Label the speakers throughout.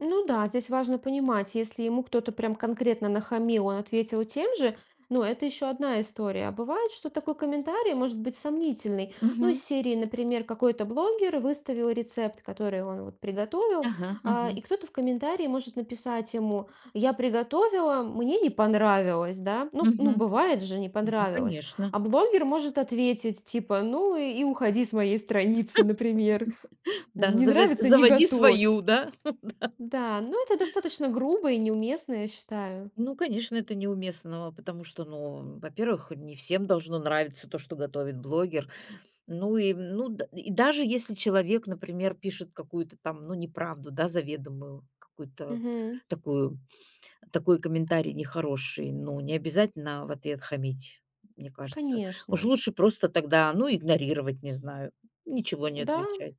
Speaker 1: Ну да, здесь важно понимать, если ему кто-то прям конкретно нахамил, он ответил тем же, ну, это ещё одна история. А бывает, что такой комментарий может быть сомнительный. Ну, из
Speaker 2: Мгм.
Speaker 1: серии, например, какой-то блогер выставил рецепт, который он вот приготовил,
Speaker 2: Ага,
Speaker 1: а, и
Speaker 2: ага.
Speaker 1: кто-то в комментарии может написать ему: "Я приготовила, мне не понравилось". Да, ну ну,
Speaker 2: Мгм.
Speaker 1: бывает же, не
Speaker 2: Ну
Speaker 1: понравилось. А
Speaker 2: конечно.
Speaker 1: блогер может ответить типа: "Ну и уходи с моей страницы", например.
Speaker 2: Да,
Speaker 1: Не
Speaker 2: завет
Speaker 1: нравится, не
Speaker 2: заводи
Speaker 1: готовь.
Speaker 2: свою, да? Да.
Speaker 1: Да, но это достаточно грубо и неуместно, я считаю.
Speaker 2: Ну, конечно, это неуместного, потому что, ну, во-первых, не всем должно нравиться то, что готовит блогер. Ну и, м, ну, д и даже если человек, например, пишет какую-то там, ну, неправду, да, заведомую, какую-то
Speaker 1: Мгм.
Speaker 2: такую, такой комментарий нехороший, ну, не обязательно в ответ хамить, мне кажется. Уж
Speaker 1: Конечно.
Speaker 2: лучше просто тогда, ну, игнорировать, не знаю, ничего не
Speaker 1: Да.
Speaker 2: отвечать.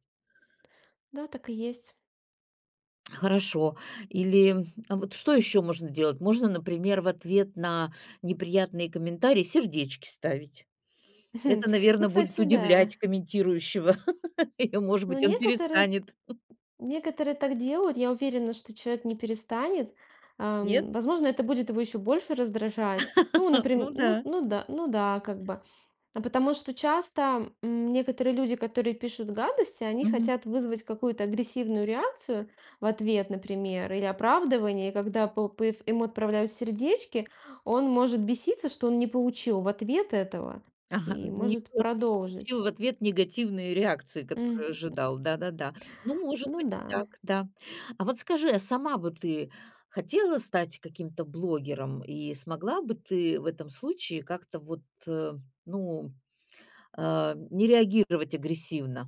Speaker 1: Да, так и есть.
Speaker 2: Хорошо. Или вот что ещё можно делать? Можно, например, в ответ на неприятные комментарии сердечки ставить.
Speaker 1: Хм.
Speaker 2: Это,
Speaker 1: Ну,
Speaker 2: наверно, будет
Speaker 1: кстати, да.
Speaker 2: удивлять комментирующего, и, может
Speaker 1: Ну,
Speaker 2: быть, он
Speaker 1: некоторые т
Speaker 2: перестанет.
Speaker 1: некоторые так делают. Я уверена, что человек не перестанет.
Speaker 2: Нет?
Speaker 1: Ам, возможно, это будет его ещё больше раздражать. Ну, например,
Speaker 2: Ну
Speaker 1: ну
Speaker 2: да.
Speaker 1: ну да ну да, как бы, потому что часто, м, некоторые люди, которые пишут гадости, они
Speaker 2: Мгм.
Speaker 1: хотят вызвать какую-то агрессивную реакцию в ответ, например, или оправдывание, когда пл пф ему отправляют сердечки, он может беситься, что он не получил в ответ этого,
Speaker 2: Ага,
Speaker 1: и
Speaker 2: д не
Speaker 1: может
Speaker 2: по не
Speaker 1: продолжить.
Speaker 2: получил в ответ негативной реакции,
Speaker 1: Мгм. М,
Speaker 2: которую
Speaker 1: м.
Speaker 2: ожидал. Да-да-да. Ну, может
Speaker 1: Ну
Speaker 2: быть, и так,
Speaker 1: да.
Speaker 2: да. А вот скажи, а сама вот ты хотела стать каким-то блогером, и смогла бы ты в этом случае как-то вот, э, ну, а, не реагировать агрессивно?